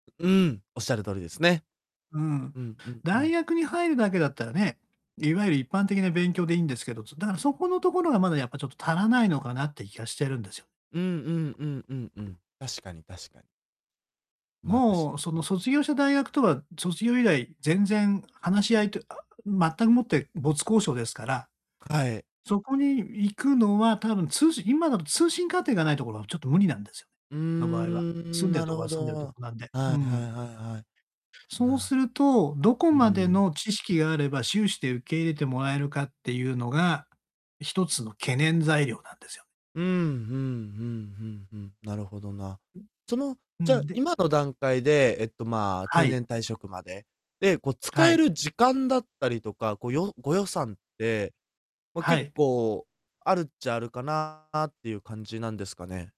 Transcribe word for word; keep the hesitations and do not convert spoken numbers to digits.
うん、おっしゃる通りですね。うん。うんうんう大ん。学に入るだけだったらね、いわゆる一般的な勉強でいんですけど、そ、だからそこのところがまだやっぱ、ちょっと足らないのかなって気がしてるんですよ。うんうんうんうんうん。確かに確かに。まあ、たしもう、その、ん。卒業した大学とは、卒業以来全然、話し合いとあ全くもって没交渉ですから、はい。そこに行くのは、多分、通信今だと、通信課程がないところはちょっと無理なんですよね。うーの場合は、住ん、んでるなとるこほが住ど。んでるとはこなんで、いうんはういはいん。はい。そうすなると、どこうーまでん。の知識があれば、修士で受け入れてもらえるかってゆうのが、ひとつの懸念材料なんですよ。うん、ふんふんふんふん、なるほどな。う、その、うじゃん、あ、で今の段階で、えっと、まあ、は定い。年退職まで、で、こうは使えい。る時間だったりとか、こ、よご予算って、ま、は結い。構、あるっちゃあるかなってゆう感じなんですかね？